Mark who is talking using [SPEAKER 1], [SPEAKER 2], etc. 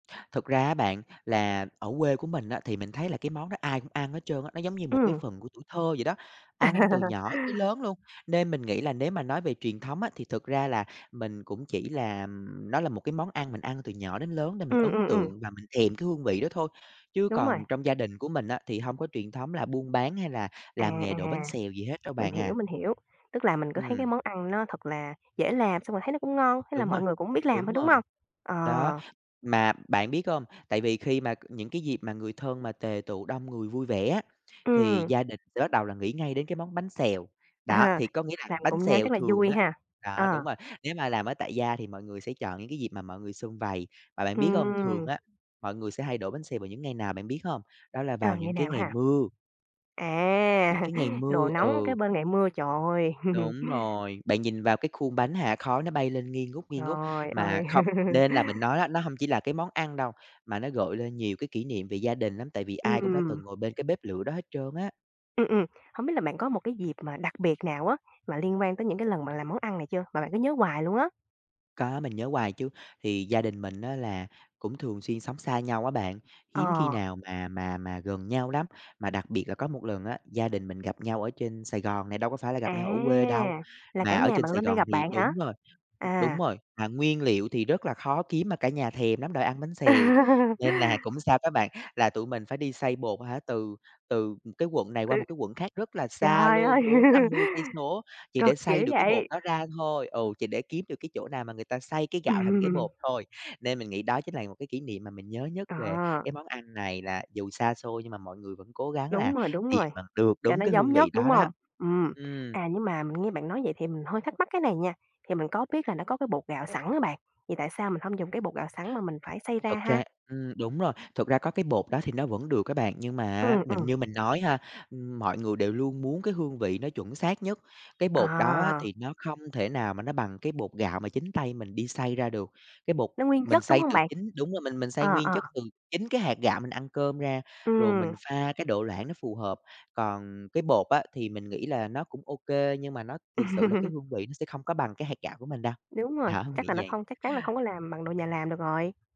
[SPEAKER 1] Thật ra á bạn, là ở quê của mình á, thì mình thấy là cái món đó ai cũng ăn hết trơn á, nó giống như một cái
[SPEAKER 2] Ừm.
[SPEAKER 1] phần của tuổi thơ vậy đó, ăn từ nhỏ tới lớn luôn. Nên mình nghĩ là nếu mà nói về truyền thống á thì thực ra là mình cũng chỉ là nó là một cái món ăn mình ăn từ nhỏ đến lớn để mình
[SPEAKER 2] Ừm,
[SPEAKER 1] ấn
[SPEAKER 2] ừm, ừm.
[SPEAKER 1] tượng và mình thèm cái hương vị đó thôi, chứ
[SPEAKER 2] Đúng rồi.
[SPEAKER 1] còn trong gia đình của mình á, thì hông có truyền thống là buôn bán hay là
[SPEAKER 2] À,
[SPEAKER 1] làm nghề
[SPEAKER 2] à,
[SPEAKER 1] đổ bánh xèo gì hết đâu
[SPEAKER 2] mình
[SPEAKER 1] bạn à.
[SPEAKER 2] hiểu, mình hiểu, tức là mình cứ thấy cái
[SPEAKER 1] Ừm.
[SPEAKER 2] món ăn nó thật là dễ làm, xong rồi thấy nó cũng ngon, thế là
[SPEAKER 1] Đúng
[SPEAKER 2] mọi
[SPEAKER 1] rồi,
[SPEAKER 2] người cũng biết làm thôi,
[SPEAKER 1] đúng
[SPEAKER 2] đúng
[SPEAKER 1] rồi,
[SPEAKER 2] hông? Ờ.
[SPEAKER 1] đó, mà bạn biết hông? Tại vì khi mà c những cái dịp mà người thân mà tề tựu đông người vui vẻ á, thì
[SPEAKER 2] Ừm.
[SPEAKER 1] gia đình sẽ bắt đầu là nghĩ ngay đến cái món bánh xèo, đó,
[SPEAKER 2] À,
[SPEAKER 1] thì có nghĩa là
[SPEAKER 2] làm
[SPEAKER 1] bánh
[SPEAKER 2] cùng nhau
[SPEAKER 1] xèo
[SPEAKER 2] chắc là
[SPEAKER 1] thường
[SPEAKER 2] vui
[SPEAKER 1] á
[SPEAKER 2] ha?
[SPEAKER 1] đó,
[SPEAKER 2] Ờ.
[SPEAKER 1] đúng rồi, nếu mà làm ở tại gia thì mọi người sẽ chọn những cái dịp mà mọi người sum vầy, và bạn biết hông, thường
[SPEAKER 2] Ừm.
[SPEAKER 1] á, mọi người sẽ hay đổ bánh xèo vào những ngày nào bạn biết hông? Đó là
[SPEAKER 2] À,
[SPEAKER 1] vào
[SPEAKER 2] ngày
[SPEAKER 1] những cái
[SPEAKER 2] nào
[SPEAKER 1] ngày
[SPEAKER 2] ha?
[SPEAKER 1] mưa. Những
[SPEAKER 2] À,
[SPEAKER 1] cái ngày
[SPEAKER 2] đồ
[SPEAKER 1] mưa,
[SPEAKER 2] nóng kế
[SPEAKER 1] ừ.
[SPEAKER 2] bên ngày mưa, trời ơi.
[SPEAKER 1] Đúng rồi, bạn nhìn vào cái khuôn bánh, hả, khói nó bay lên nghi ngút, nghi ngút,
[SPEAKER 2] Trời
[SPEAKER 1] mà
[SPEAKER 2] ơi.
[SPEAKER 1] không nên là mình nói á, nó hông chỉ là cái món ăn đâu, mà nó gợi lên nhiều cái kỷ niệm về gia đình lắm, tại vì ai cũng đã
[SPEAKER 2] Ừm.
[SPEAKER 1] từng ngồi bên cái bếp lửa đó hết trơn á.
[SPEAKER 2] Ừm, ừm. Hổng biết là bạn có một cái dịp mà đặc biệt nào á mà liên quan tới những cái lần bạn làm món ăn này chưa, mà bạn cứ nhớ hoài luôn á?
[SPEAKER 1] Có, mình nhớ hoài chứ, thì gia đình mình á, là cũng thường xuyên sống xa nhau á bạn, hiếm khi
[SPEAKER 2] Ờ.
[SPEAKER 1] nào mà mà mà gần nhau lắm, mà đặc biệt là có một lần á, gia đình mình gặp nhau ở trên Sài Gòn này, đâu có phải là gặp
[SPEAKER 2] À,
[SPEAKER 1] nhau ở quê đâu,
[SPEAKER 2] là cả
[SPEAKER 1] mà ở
[SPEAKER 2] nhà
[SPEAKER 1] trên
[SPEAKER 2] bạn
[SPEAKER 1] Sài
[SPEAKER 2] lên đây
[SPEAKER 1] Gòn
[SPEAKER 2] gặp
[SPEAKER 1] thì
[SPEAKER 2] bạn hả?
[SPEAKER 1] đúng rồi, đúng
[SPEAKER 2] À.
[SPEAKER 1] rồi, mà nguyên liệu thì rất là khó kiếm mà cả nhà thèm lắm rồi ăn bánh xèo, nên là cũng sao các bạn, là tụi mình phải đi xay bột, hả, từ từ, ừm, cái quận này
[SPEAKER 2] Ừ.
[SPEAKER 1] qua một cái quận khác rất là xa
[SPEAKER 2] Trời ơi!
[SPEAKER 1] luôn 40-50 cây số, chỉ
[SPEAKER 2] Cực
[SPEAKER 1] để xay
[SPEAKER 2] kiểu
[SPEAKER 1] được cái bột
[SPEAKER 2] vậy.
[SPEAKER 1] đó ra thôi. Ừ, chỉ để kiếm được cái chỗ nào mà người ta xay cái gạo thành cái
[SPEAKER 2] Ừm.
[SPEAKER 1] bột thôi, nên mình nghĩ đó chính là một cái kỷ niệm mà mình nhớ nhất về
[SPEAKER 2] Ờ.
[SPEAKER 1] cái món ăn này là dù xa xôi nhưng mà mọi người vẫn cố gắng
[SPEAKER 2] Đúng
[SPEAKER 1] là
[SPEAKER 2] rồi, đúng
[SPEAKER 1] tìm
[SPEAKER 2] rồi,
[SPEAKER 1] bằng được
[SPEAKER 2] cho
[SPEAKER 1] đúng
[SPEAKER 2] nó
[SPEAKER 1] cái
[SPEAKER 2] giống
[SPEAKER 1] hương vị
[SPEAKER 2] nhất, đúng
[SPEAKER 1] đó đó.
[SPEAKER 2] hông? Ừm,
[SPEAKER 1] Ừm.
[SPEAKER 2] à, nhưng mà mình nghe bạn nói vậy thì mình hơi thắc mắc cái này nha, thì mình có biết là nó có cái bột gạo sẵn á bạn, thì tại sao mình hông dùng cái bột gạo sẵn mà mình phải xay ra
[SPEAKER 1] Thật
[SPEAKER 2] ha?
[SPEAKER 1] ra ừm, đúng rồi, thực ra có cái bột đó thì nó vẫn được các bạn, nhưng mà á
[SPEAKER 2] Ừm,
[SPEAKER 1] mình
[SPEAKER 2] ừm.
[SPEAKER 1] như mình nói ha, ưm, mọi người đều luôn muốn cái hương vị nó chuẩn xác nhất, cái bột đó á
[SPEAKER 2] À.
[SPEAKER 1] thì nó không thể nào mà nó bằng cái bột gạo mà chính tay mình đi xay ra được. Cái bột
[SPEAKER 2] Nó nguyên
[SPEAKER 1] mình
[SPEAKER 2] chất, đúng
[SPEAKER 1] xay
[SPEAKER 2] hông
[SPEAKER 1] từ
[SPEAKER 2] bạn?
[SPEAKER 1] chính đúng rồi mình mình xay
[SPEAKER 2] Ờ,
[SPEAKER 1] nguyên
[SPEAKER 2] ờ.
[SPEAKER 1] chất từ chính cái hạt gạo mình ăn cơm ra, rồi mình
[SPEAKER 2] Ừm.
[SPEAKER 1] pha cái độ loãng nó phù hợp, còn cái bột á thì mình nghĩ là nó cũng ô kê, nhưng mà nó thiệt sự là cái hương vị nó sẽ không có bằng cái hạt gạo của mình đâu.
[SPEAKER 2] Đúng rồi,
[SPEAKER 1] Đó,
[SPEAKER 2] chắc
[SPEAKER 1] nghĩ
[SPEAKER 2] là nó
[SPEAKER 1] vậy.
[SPEAKER 2] không chắc chắn là không có làm bằng đồ nhà làm được rồi.